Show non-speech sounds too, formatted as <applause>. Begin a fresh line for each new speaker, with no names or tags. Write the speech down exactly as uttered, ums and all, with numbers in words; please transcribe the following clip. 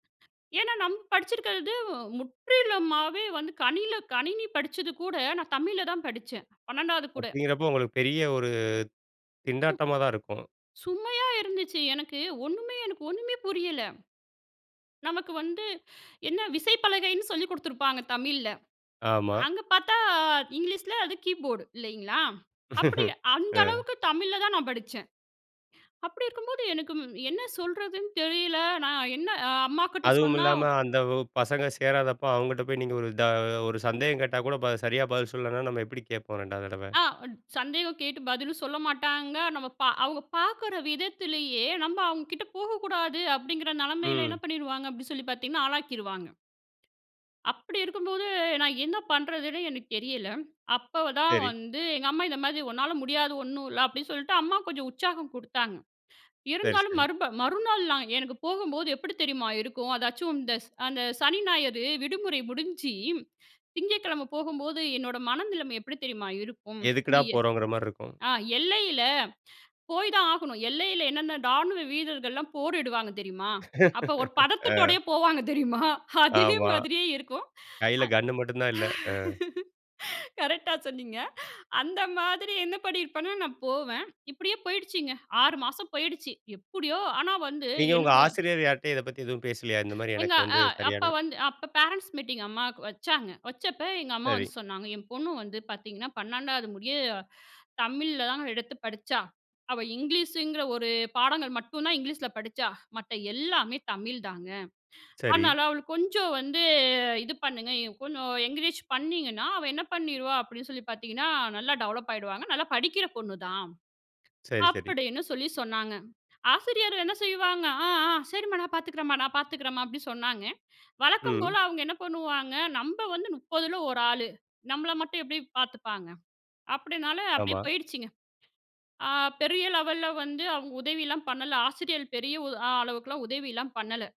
ஏன்னா நம்ம படிச்சிருக்றது முற்றிலுமாவே வந்து, கனியில கணினி படிச்சது கூட நான் தமிழ்ல தான் படிச்சேன். பன்னெண்டாது கூட.
அப்டிங்கிறப்போ உங்களுக்கு பெரிய ஒரு திண்டாட்டமா தான் இருக்கும்.
சுமையா இருந்துச்சு. எனக்கு ஒண்ணுமே, எனக்கு ஒண்ணுமே புரியல. நமக்கு வந்து என்ன விசைப்பலகைன்னு சொல்லிக் குடுத்திருப்பாங்க தமிழ்ல.
ஆமா.
அங்கே பார்த்தா இங்கிலீஷ்ல அது கீபோர்ட் இல்லைங்களா? அப்டி அந்த
அ.
அளவுக்கு தமிழ்ல தான் நான் படிச்சேன், அப்டி இருக்கும்போது எனக்கு என்ன சொல்றதுன்னு தெரியல. நான் என்ன அ அம்மாகிட்ட
அதுவும்
சொன்னா
இல்லாம அந்த வ் பசங்க சேராதப்போ அவுங்கட்ட போய், நீங்க த ஒரு சந்தேகம் கேட்டா கூட, ப சரியா பதில் சொல்லலைனா, நம்ம எப்டி கேட்போம் ரெண்டாவது தடவ?
ஆ சந்தேகம் கேட்டு பதிலும் சொல்ல மாட்டாங்க. நம்ம பா அவுங்க பாக்குற விதத்திலேயே, நம்ப அவுங்க கிட்ட போகக்கூடாது அப்டிங்கிற நெலமையில என்ன
ம்.
பண்ணிடுவாங்க அப்டி சொல்லி பாத்தீங்கன்னா, ஆளாக்கிருவாங்க. அப்டி இருக்கும்போது நான் என்ன பண்றதுன்னு எனக்கு தெரியல. அப்போதான்
சரி.
வந்து எங்க அம்மா இந்த மாதிரி உன்னால முடியாத ஒண்ணும் இல்ல, அப்டின்னு சொல்ட்டு, அம்மா கொஞ்சம் உற்சாகம் குடுத்தாங்க.
சரி,
இருந்தாலும்
சரி.
மறுப மறுநாள்லா எனக்கு போகம்போது எப்டி தெரியுமா இருக்கும்? அதாச்சும் இந்த ஸ் அந்த சனி ஞாயிறு விடுமுறை முடிஞ்சி, திங்கக்கிழமை போகும்போது, என்னோட மனநிலைமை எப்டி தெரியுமா இருக்கும்?
எதுக்குடா
<unintelligible>
போறோம்ங்கற மாரி இருக்கும்.
ஆ எல்லையில போய் தான் ஆகணும். எல்லையில என்னென்ன டாணுவ வீரர்கள்லாம் போரிடுவாங்க தெரியுமா? அப்ப ஒரு
ஆ.
பதத்துதோடயே போவாங்க தெரியுமா? அதே
ஆமா.
மாதிரியே இருக்கும்.
கையில கன்னு மட்டும் தான் இல்ல. ஆ.
<unintelligible> கரெக்ட்டா சொன்னீங்க. அந்த மாதிரி என்ன பண்ணியிருப்பேனா நான் போவேன். இப்டியே போயிடுச்சுங்க. ஆறு மாசம் போயிடுச்சு. எப்டியோ ஆனா வந்து
நீங்க உங்க
என்னோட
ஆசிரியர் யார்ட்டயும் இத பத்தி எதுவும் பேசலையா? இந்த மாரி
எங்க
எனக்கு வந்து
அ அப்ப
சரியான
வந்து அப்ப பேரன்ட்ஸ் மீட்டிங் அம்மாவுக்கு வச்சாங்க. வச்சப்போ எங்க அம்மா வந்து
சரி.
சொன்னாங்க. என் பொண்ணு வந்து பாத்தீங்கன்னா பன்னெண்டாவது முடிய, தமிழில் தாங்க எடுத்து படிச்சா, அவ இங்கிலீஷங்கிற ஒரு பாடங்கள் மட்டும்தான் இங்கிலீஷ்ல படிச்சா. மத்த எல்லாமே தமிழ் தாங்க.
சரி.
அதனால அவளுக்கு கொஞ்சம் வந்து இது பண்ணுங்க. கொஞ்சம் என்கரேஜ் பண்ணிங்கன்னா, அவ என்ன பண்ணிருவா அப்டின்னு சொல்லி பாத்தீங்கன்னா, நல்லா டெவலப் ஆயிடுவாங்க. நல்லா படிக்கிற பொண்ணுதான்,
சரி, சரி.
அப்டின்னு சொல்லி சொன்னாங்க. ஆசிரியர்கள் என்ன செய்வாங்க? அ, அ, சரிம்மா நான் பாத்துக்கிறேன்ம்மா, நான் பாத்துக்கிறேன்ம்மா அப்டின்னு சொன்னாங்க. வழக்கம் போல
ம்.
அவுங்க என்ன பண்ணுவாங்க, நம்ப வந்து முப்பதுல ஒரு ஆளு. நம்மள மட்டும் எப்டி பாத்துப்பாங்க, அப்டினால அப்டியே
ஆமா.
போயிருச்சுங்க. ஆ பெரிய லெவல்ல வந்து அவுங்க உதவிலாம் பண்ணல. ஆசிரியள் பெரிய உ அளவுக்கெல்லாம் உதவிலாம் பண்ணல.